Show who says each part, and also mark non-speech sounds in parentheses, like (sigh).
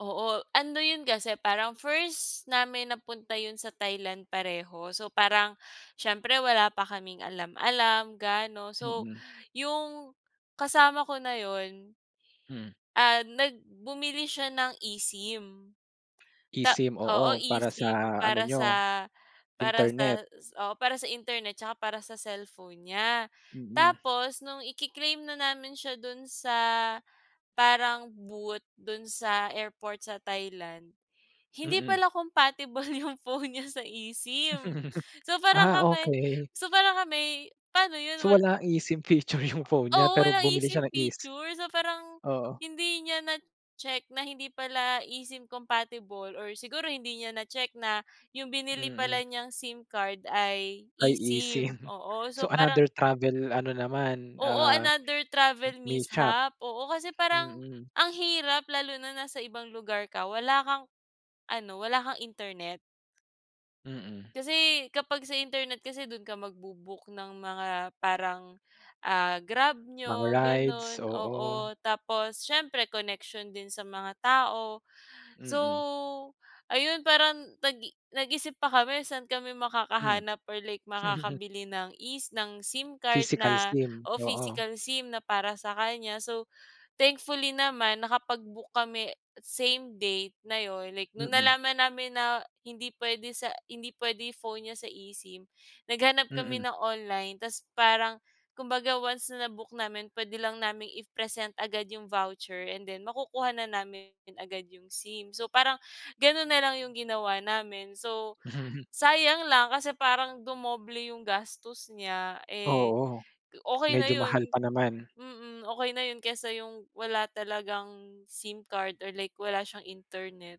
Speaker 1: Oo, ano yun kasi parang first namin na punta yun sa Thailand pareho. So, parang siyempre wala pa kaming alam alam gaano. So,
Speaker 2: Mm.
Speaker 1: yung kasama ko na yun
Speaker 2: Hmm.
Speaker 1: ah nag bumili siya ng eSIM. Ta
Speaker 2: eSIM, oo,
Speaker 1: oo,
Speaker 2: para sa
Speaker 1: eSIM
Speaker 2: ano
Speaker 1: para
Speaker 2: niyo,
Speaker 1: sa para
Speaker 2: internet.
Speaker 1: sa s- oo, para sa internet tsaka para sa cellphone niya.
Speaker 2: Mm.
Speaker 1: Tapos nung ike-claim na namin siya do'n sa parang booth do'n sa airport sa Thailand. Hindi
Speaker 2: Mm.
Speaker 1: pala compatible 'yong phone niya sa eSIM.
Speaker 2: (laughs)
Speaker 1: So parang
Speaker 2: Ah,
Speaker 1: kami
Speaker 2: okey.
Speaker 1: so parang kami, paano 'yon?
Speaker 2: So,
Speaker 1: Wal
Speaker 2: wala eSIM feature yung phone niya
Speaker 1: Oo,
Speaker 2: pero
Speaker 1: walang
Speaker 2: bumili
Speaker 1: eSIM
Speaker 2: siya ng eSi
Speaker 1: features. So parang
Speaker 2: oo.
Speaker 1: hindi niya nacheck na hindi pala eSIM compatible or siguro hindi niya nacheck na yung binili
Speaker 2: Mm.
Speaker 1: pala niyang SIM card ay
Speaker 2: Ay
Speaker 1: eSIM.
Speaker 2: eSIM.
Speaker 1: Oo,
Speaker 2: So,
Speaker 1: so parang
Speaker 2: another travel ano naman
Speaker 1: Oo,
Speaker 2: ah,
Speaker 1: another
Speaker 2: m
Speaker 1: travel
Speaker 2: mishap.
Speaker 1: mishap. Oo, kasi parang
Speaker 2: Mm.
Speaker 1: ang hirap lalo na nasa ibang lugar ka wala kang ano, wala kang internet.
Speaker 2: Mm.
Speaker 1: Kasi kapag sa internet kasi do'n ka magbo-book ng mga parang, ah, Grab
Speaker 2: Mga
Speaker 1: niyo
Speaker 2: rides,
Speaker 1: gano'n
Speaker 2: oo.
Speaker 1: oo, tapos siyempre koneksiyon din sa mga tao. So,
Speaker 2: Mm.
Speaker 1: ayun parang nag-i nag-isip pa kami saan kami
Speaker 2: Hmm.
Speaker 1: makakahanap or like
Speaker 2: (laughs)
Speaker 1: makakabili ng es ng SIM card
Speaker 2: Physical
Speaker 1: na
Speaker 2: SIM,
Speaker 1: oo,
Speaker 2: oo.
Speaker 1: physical SIM na para sa kanya. So, thankfully naman, nakapag-book kami same date na 'yon like no'ng
Speaker 2: Mm.
Speaker 1: nalaman namin na hindi pwede sa hindi pwede phone niya sa eSIM, naghanap kami
Speaker 2: Mm.
Speaker 1: ng online tapos parang kumbaga once na-book namin pwede lang naming i-present agad yung voucher and then makukuha na namin agad yung SIM. So parang gano'n na lang 'yong ginawa namin. So,
Speaker 2: (chuckles)
Speaker 1: sayang lang kasi parang dumoble 'yong gastos niya eh,
Speaker 2: Oo,
Speaker 1: okey na
Speaker 2: medyo mahal
Speaker 1: 'yon.
Speaker 2: pa naman.
Speaker 1: Mm, okey na 'yon, kaysa yung wala talagang SIM card or like wala siyang internet.